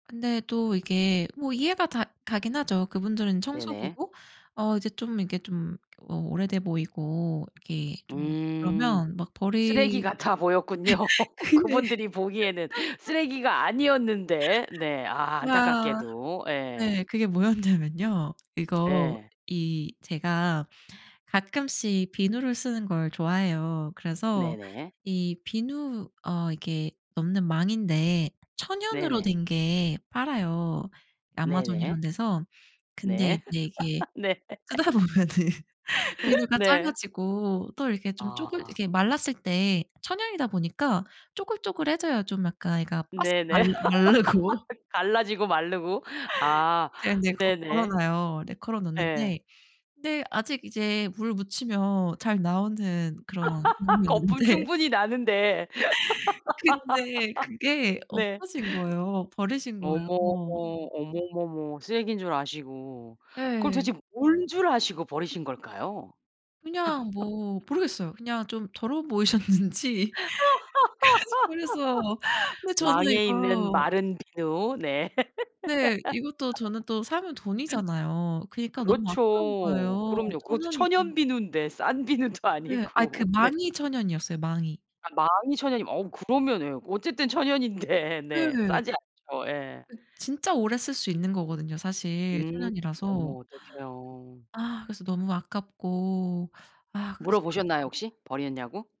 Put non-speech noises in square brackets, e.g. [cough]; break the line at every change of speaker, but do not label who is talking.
근데 또 이게 뭐 이해가 다 가긴 하죠. 그분들은
네네.
청소부고 어 이제 좀 이게 좀 어 오래돼 보이고 이게 좀
음.
그러면 막
쓰레기
버리
같아 보였군요
근데
그분들이 보기에는
[chuckles]
쓰레기가 아니었는데. 네. 아
아.
안타깝게도. 예.
네. 그게 뭐였냐면요. 이거
예.
이 제가 가끔씩 비누를 쓰는 걸 좋아해요. 그래서
네네.
이 비누 어 이게 넣는 망인데 천연으로
네네.
된 게 팔아요 아마존
네네.
이런데서. 근데
네.
이제 이게
[chuckles] 네.
쓰다 보면은 비누가
네.
작아지고 또 이렇게 좀 쪼글
아.
이게 말랐을 때 천연이다 보니까 쪼글쪼글해져요. 좀 약간 애가 바삭
네네.
말라 마르고
[laughs] 갈라지고 마르고. 아
이제 근데 거
네네.
걸어놔요. 네 걸어놨는데
예.
근데 아직 이제 물 묻히면 잘 나오는 그런
[laughs] 거품
경우였는데
충분히 나는데.
근데 그게
[laughs] 네.
없어진 거예요. 버리신 거예요.
어머. 어머머머 쓰레기인 줄 아시고, 그럼
네.
도대체 뭔 줄 아시고 버리신 걸까요?
그냥 뭐
[chuckles]
모르겠어요. 그냥 좀 더러워 보이셨는지 그래서
[laughs]
근데 저도
망에 있는
이거
마른 비누. [giggles] 네.
네. 이것도 저는 또 사면 돈이잖아요. 그니까 너무 아까운
그렇죠.
거예요.
그럼요. 그것도
천연이고
천연 비누인데 싼 비누도
네. 아 그
아니고 네.
망이 천연이었어요 망이.
아 망이 천연이면 어 그러면은 예 어쨌든 천연인데. 네.
네.
싸지 않죠. 예.
진짜 오래 쓸 수 있는 거거든요 사실.
음.
천연이라서.
어머 어떡해요.
아. 그래서 너무 아깝고. 아 그래서
물어보셨나요? 혹시? 버렸냐고?